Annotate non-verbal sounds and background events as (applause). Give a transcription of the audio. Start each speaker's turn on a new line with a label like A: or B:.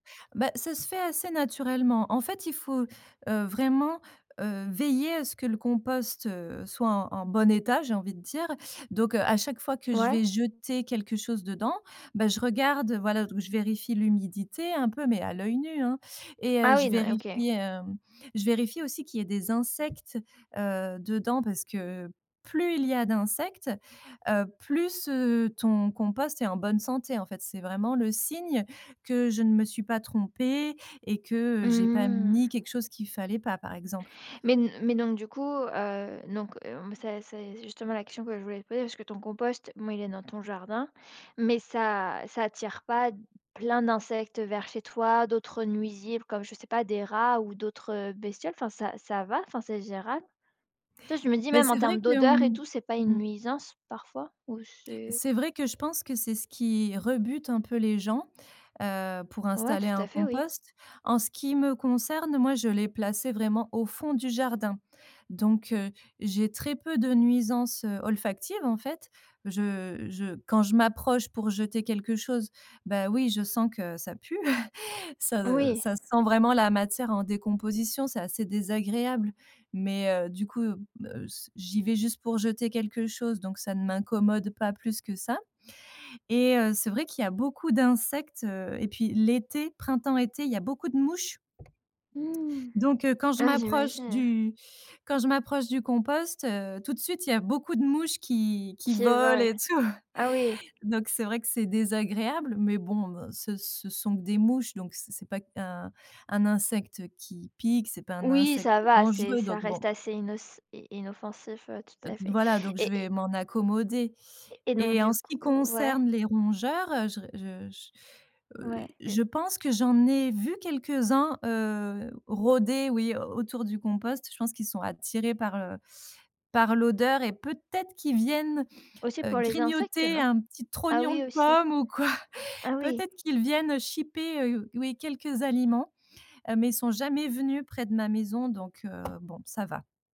A: Bah, ça se fait assez naturellement. En fait, il faut, heu, vraiment, heu, veiller à ce que le compost, heu, soit en en bon état, j'ai envie de dire. Donc heu, à chaque fois que je
B: Ouais.
A: vais jeter quelque chose dedans, bah, je regarde, heu, voilà, ou je vérifie l'humidité, hein, un peu, mais à l'œil nu, hein. Et heu,
B: Ah oui,
A: je
B: n ouais, OK.
A: vérifie, hem, je vérifie aussi qu'il y ait des insectes, heu, dedans parce que plus il y a d'insectes, heu, plus, heu, ton compost est en bonne santé, en fait. C'est vraiment le signe que je ne me suis pas trompée et que, heu, j'ai pas mis
B: Mmh.
A: quelque chose qu'il fallait pas, par exemple.
B: Mais n mais donc du coup, heu, donc hem, c'est c'est justement la question que je voulais te poser, parce que ton compost mais, il est dans ton jardin, mais ça ça attire pas plein d'insectes, heu, vers chez toi, d'autres, heu, nuisibles comme je sais pas, des rats ou d'autres, heu, bestioles, enfin ça ça va, enfin c'est gérable? Tu vois, je me dis
A: Ben
B: même en
A: c'est vrai
B: termes
A: que,
B: d'odeurs et
A: hem,
B: tout, c'est pas une
A: mmh
B: nuisance parfois ou c'est
A: c'est vrai que je pense que c'est ce qui rebute un peu les gens, heu, pour
B: Ouais,
A: installer
B: tout
A: un
B: à fait oui.
A: compost. En ce qui me concerne, moi je l'ai placé vraiment au fond du jardin. Donc heu, j'ai très peu de nuisances, heu, olfactives en fait. Je je quand je m'approche pour jeter quelque chose, ben oui, je sens que ça pue. (chuckles) Ça
B: Oui.
A: ça sent vraiment la matière en décomposition, c'est assez désagréable. Mais, heu, du coup, heu, s j'y vais juste pour jeter quelque chose, donc ça ne m'incommode pas plus que ça et heu, c'est vrai qu'il y a beaucoup d'insectes, heu et puis l'été, printemps-été, il y a beaucoup de mouches
B: Mmh!
A: donc heu quand je
B: Ah,
A: m'approche
B: j'imagine.
A: du quand je m'approche du compost, heu, tout de suite, il y a beaucoup de mouches qui qui
B: Qui
A: volent
B: volent!
A: et tout.
B: Ah oui!
A: Donc c'est vrai que c'est désagréable, mais bon ce ce sont que des mouches donc c'est c'est pas un un insecte, heu, qui pique, c'est pas un
B: Oui
A: insecte
B: ça va, c'est
A: dangereux
B: ça
A: donc
B: reste
A: bon.
B: assez innoc i inoffensif. Ouais, tout
A: Heu,
B: à fait.
A: voilà donc je
B: Et
A: vais m'en accommoder
B: et et donc
A: et en
B: du
A: ce
B: coup
A: qui
B: ouais?
A: concerne les rongeurs, heu, je re je je, heu,
B: Ouais
A: je
B: et
A: pense que j'en ai vu quelques-uns, heu, rôder, oui, au autour du compost. Je pense qu'ils sont attirés par, heu, par l'odeur et peut-être qu'ils viennent,
B: Aussi
A: heu,
B: pour les insectes, heu,
A: grignoter
B: non?
A: un petit
B: Ah
A: trognon
B: oui,
A: de
B: aussi.
A: pomme ou quoi.
B: Ah oui.
A: Peut-être qu'ils viennent, heu, chipper, heu, oui, quelques aliments, heu, mais ils sont jamais venus près de ma maison. Donc heu, bon, ça va.